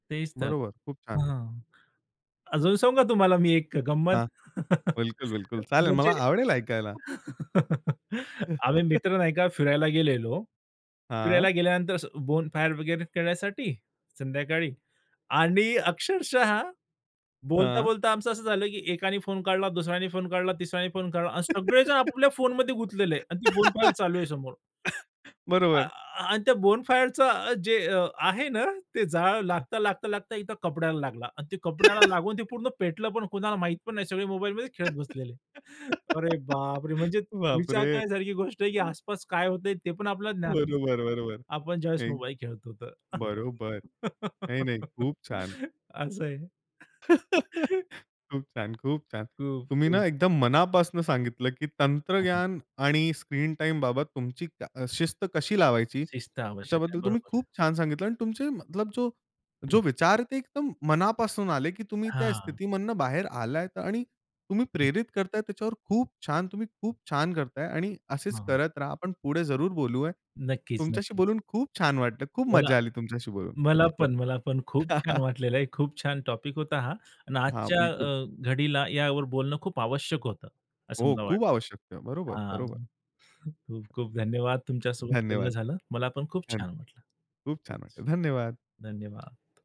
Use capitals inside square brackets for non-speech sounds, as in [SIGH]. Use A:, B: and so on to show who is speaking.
A: तेच तर.
B: बरोबर. खूप छान.
A: हां. अजून सांगू का तुम्हाला मी एक अ, गंमत?
B: हां.
A: [LAUGHS]
B: बिलकुल-बिलकुल. चालेल,
A: म्हणजे
B: मला आवडेल ऐकायला.
A: [LAUGHS] आम्ही
B: [CHUCKLES]
A: मित्र नाही का फिरायला गेलेलो. फिरायला
B: हां.
A: गेल्यानंतर असं बोनफायर वगैरे करण्यासाठी संध्याकाळी आणि अक्षरशः
B: हां.
A: बोलता-बोलता आमचं असं झालं की एकाने फोन काढला, दुसऱ्याने फोन काढला, तिसऱ्याने फोन काढला अन सगळेजण
B: [LAUGHS]
A: आपापल्या फोनमध्ये गुतलेले आणि ती बोनफायर चालू आहे समोर.
B: [LAUGHS] [COUGHS]
A: आ
B: बरोबर.
A: आ आणि त्या बोनफायरचं जे आहे ना, ते जाळ,
B: हं.
A: लागता-लागता-लागता इथं कपड्याला लागला आणि ते कपड्याला लागून ते
B: [LAUGHS]
A: पूर्ण पेटलं पण कुणाला माहीत पण नाही, सगळे मोबाईलमध्ये खेळत बसलेले. [CHUCKLES] अरे
B: [GIGGLES]
A: बाप रे! म्हणजे
B: बाप
A: विचार
B: रे!
A: करण्यासारखी गोष्ट आहे की आसपास काय होतंय ते पण आपल्याला ज्ञात नसते.
B: बरोबर, बरोबर.
A: आपण ज्यावेळेस
B: थँक.
A: मोबाईल खेळतो तर.
B: बरोबर. नाही, नाही.
A: [LAUGHS]
B: खूप छान. हं.
A: असं आहे.
B: [LAUGHS] खूप छान. खूप छान.
A: खूप,
B: तुम्ही ना
A: खूप.
B: एकदम मनापासनं सांगितलं की
A: आपण.
B: तंत्रग्यान आणि स्क्रीन टाईम बाबत तुमची क अ, शिस्त कशी लावायची?
A: शिस्त आवश्यक आहे.
B: त्याच्याबद्दल तुम्ही
A: बरोबर आहे.
B: खूप छान सांगितलं आणि तुमचे, मतलब जो जो
A: हं.
B: विचार ते एकदम मनापासून आले की तुम्ही त्या
A: हां.
B: स्थितीमधनं बाहेर आलायत आणि तुम्ही
A: हं.
B: प्रेरित करताय, त्याच्यावर खूप छान, तुम्ही खूप छान करताय आणि असेच
A: हां.
B: करत राहा. आपण पुढे जरूर बोलूया.
A: नक्कीच,
B: तुमच्याशी
A: नक्कीच.
B: बोलून खूप छान वाटलं. खूप
A: मला
B: मज्जा आली तुमच्याशी बोलून.
A: मला
B: बिलकुल.
A: पण, मला पण. खूप छान
B: [LAUGHS]
A: वाटलेलं आहे. खूप छान टॉपिक होता हा. आणि
B: हां.
A: आजच्या
B: बिलकुल.
A: अ, घडीला यावर बोलणं खूप आवश्यक होतं. असं
B: हो,
A: मला
B: खूप आवश्यकता आहे.
A: वाटतं.
B: बरोबर, बरोबर.
A: हां. खूप-खूप धन्यवाद तुमच्यासोबत बोलणं
B: धन्यवाद.
A: झालं. मला पण खूप
B: धन
A: छान वाटलं.
B: खूप छान
A: तेच.
B: वाटलं. धन्यवाद.
A: धन्यवाद.